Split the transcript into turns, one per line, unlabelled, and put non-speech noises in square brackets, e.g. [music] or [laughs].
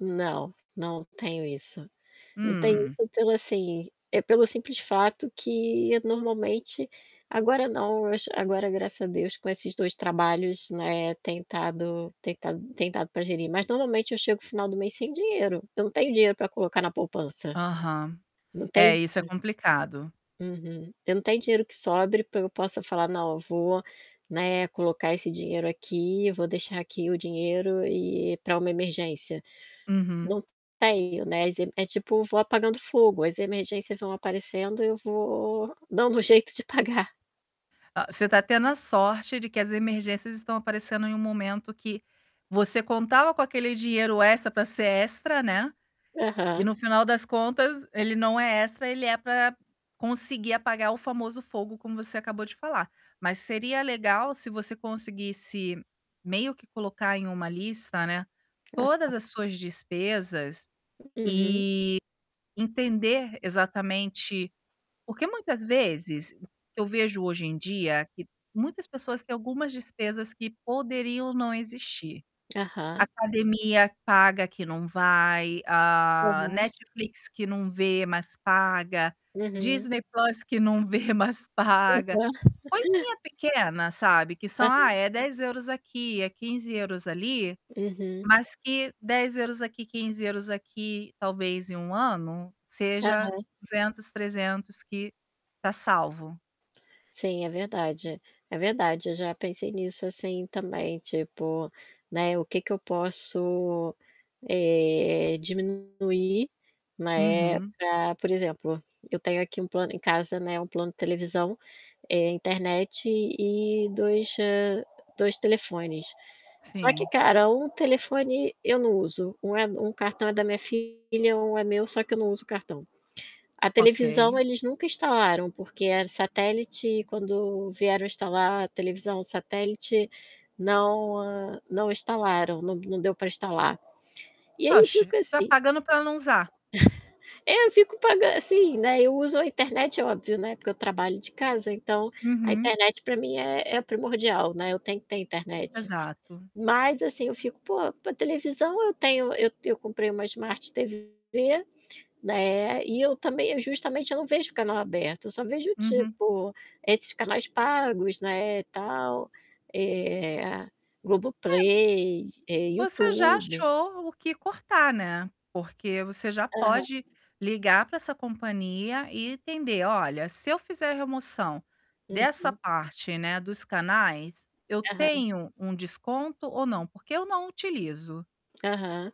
Não, não tenho isso. Não tenho
Hum.
isso pelo assim, é pelo simples fato que normalmente agora não, mas, agora, graças a Deus, com esses 2 trabalhos, né, tem tado tem tado tem dado para gerir, mas, normalmente, eu chego o final do mês sem dinheiro. Eu não tenho dinheiro para colocar na poupança.
Aham.
Não
É,
tem
isso é complicado.
Uhum. Eu não tenho dinheiro que sobre para eu possa falar: "Não, eu vou, né, colocar esse dinheiro aqui, eu vou deixar aqui o dinheiro e para uma emergência".
Uhum.
Não tenho, né, e é tipo, vou apagando fogo. As emergências vão aparecendo e eu vou dando um jeito de pagar.
Ah, você está tendo a sorte de que as emergências estão aparecendo em um momento que você contava com aquele dinheiro extra para ser extra, né, e,
Aham.
no final das contas, ele não é extra, ele é para conseguir apagar o famoso fogo como você acabou de falar, mas seria legal se você conseguisse meio que colocar em uma lista, né, todas
Aham.
as suas despesas,
Uhum.
e entender exatamente. Porque muitas vezes, o que eu vejo hoje em dia, que muitas pessoas têm algumas despesas que poderiam não existir.
Aham.
Academia paga que não vai, a
Aham.
Netflix que não vê, mas paga,
Uhum.
Disney Plus que não vê, mas paga,
Aham. [laughs]
coisinha pequena, sabe, que são, ah,
Aham.
é 10€ aqui, é 15€ ali,
Uhum.
mas que 10€ aqui, 15€ aqui, talvez em 1 ano, seja
Aham.
200, 300 que está salvo.
Sim, é verdade, é verdade, eu já pensei nisso assim também tipo, né, o que que eu posso, eh, diminuir, né,
Uhum.
para, por exemplo, eu tenho aqui um plano em casa, né, um plano televisão, eh, internet e 2, hã, 2 telefones. Só que,
Sim.
cara, um telefone eu não uso, um é um cartão é da minha filha, um é meu, só que eu não uso o cartão. A televisão
Ok.
eles nunca instalaram, porque era satélite e quando vieram instalar a televisão o satélite não não instalaram, não não deu para instalar. E aí eu
Oxe,
fico
está
assim [chuckles]
pagando para não usar.
É, eu fico pagan assim, né, eu uso a internet, é óbvio, né, porque eu trabalho de casa, então, a
Uhum.
internet para mim é é primordial, né. Eu tenho que ter internet.
Exato.
Mas assim eu fico: "Pô, para televisão eu tenho" eu eu comprei uma smart TV, né, e eu também eu justamente, eu não vejo canal aberto, eu só vejo,
Uhum.
tipo, esses canais pagos, né, tal, eh, Globo
É
Play, eh,
você já
YouTube.
achou o que cortar, né, porque você já
Aham.
pode ligar para essa companhia e entender: "Olha, se eu fizer a remoção
Uhum.
dessa parte, né, dos canais, eu
Aham.
tenho um desconto ou não? Porque eu não utilizo".
Aham.